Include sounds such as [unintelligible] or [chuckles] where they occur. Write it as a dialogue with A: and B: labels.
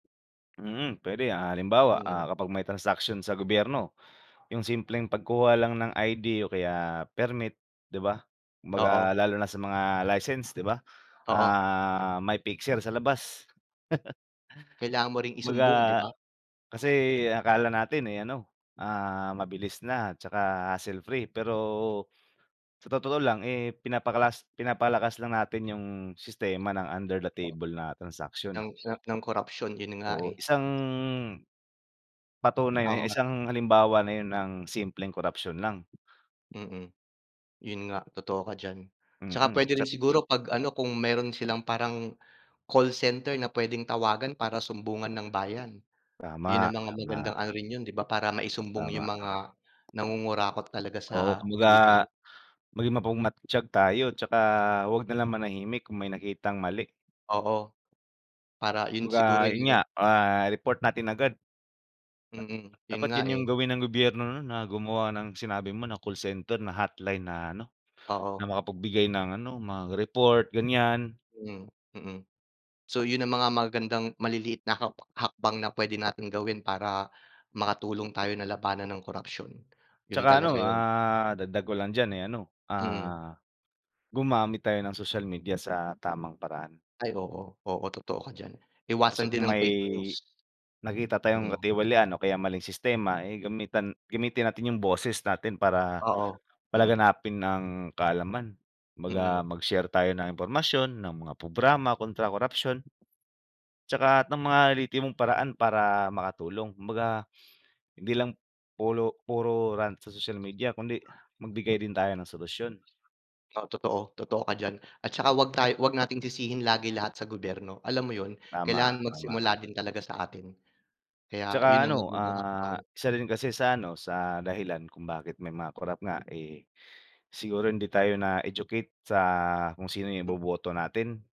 A: Mm, puwede, ah, halimbawa,
B: Mm.
A: ah, kapag may transaksiyon sa gobyerno, 'yung simpleng pagkuha lang ng ID o kaya permit 'di ba,
B: Oo.
A: kumbaga lalo na sa mga license 'di ba,
B: Oo.
A: ah, may fixer sa labas. [chuckles]
B: Kailangan mo ring isumbong, 'di
A: Kumbaga,
B: ba?
A: kasi akala natin, eh, ano, ah, mabilis na, 'tsaka hassle free pero sa totoo lang, eh, pinapakalas pinapalakas lang natin 'yung sistema ng under the table na transaksyon.
B: Ng ng korapsyon, 'yun nga,
A: Oo,
B: eh.
A: isang, patunay na
B: [unintelligible]
A: isang halimbawa na 'yun ng simpleng korapsyon lang.
B: Mm, 'yun nga totoo ka diyan. 'Tsaka
A: Mm,
B: puwede
A: sa
B: rin siguro pag-ano kung meron silang parang call center na puwedeng tawagan para sumbungan ng bayan. 'Yun
A: Tama,
B: ang mga
A: tama.
B: magandang ano rin 'yon, 'di ba, para maisumbong
A: Tama.
B: 'yong mga nangungurakot talaga
A: Oo,
B: sa
A: kumbaga
B: Pilipin
A: maging mapagmatyag tayo 'tsaka huwag na lang manahimik kung may nakitang mali.
B: Oo. Para 'yun
A: Kumbaga,
B: siguro
A: 'yun
B: 'yung
A: nga,
B: gan
A: ah, report natin agad.
B: Mm, 'yun
A: Dapat
B: nga
A: 'yan 'yung
B: eh.
A: gawin ng gobyerno nun na gumawa ng sinabi mo na call center na hotline na ano,
B: Oo.
A: na makapagbigay ng ano, mga report ganiyan.
B: Mhm, mm. So 'yun ang mga magagandang maliliit na hak hakbang na puwede nating gawin para makatulong tayo na labanan ang korapsyon, 'yun
A: 'Tsaka ano,
B: talaga 'yun.
A: ah, dadag ko lang diyan, eh, ano,
B: Mm.
A: ah, gumamit tayo ng social media sa tamang paraan.
B: Ay oo. Oo, totoo ka diyan,
A: Kasi
B: iwasan din
A: kung
B: ang
A: may
B: fake news.
A: nakita tayong
B: Mm.
A: katiwalian o kaya maling sistema, eh, gamitan gamitin natin 'yung boses natin para
B: Oo, mm.
A: palaganapin ang kaalaman, kumbaga
B: Mm.
A: mag-share tayo ng impormasyon ng mga programa kontra korapsyon. 'Tsaka lahat ng mga lihitimong paraan para makatulong, kumbaga hindi lang pulo puro rant sa social media, kundi magbigay din tayo ng solusyon.
B: Oo, totoo, totoo ka diyan. At saka huwag tayo huwag nating sisihin lagi lahat sa gobyerno, alam mo 'yun,
A: Tama,
B: kailangan
A: tama.
B: magsimula din talaga sa atin. Kaya
A: 'Tsaka
B: 'yun ang
A: ano,
B: lehitimong
A: ah,
B: hakbang.
A: isa rin kasi sa ano sa dahilan kung bakit may mga corrupt nga, eh, siguro hindi tayo na-educate sa kung sino 'yung
B: Hmm.
A: iboboto natin.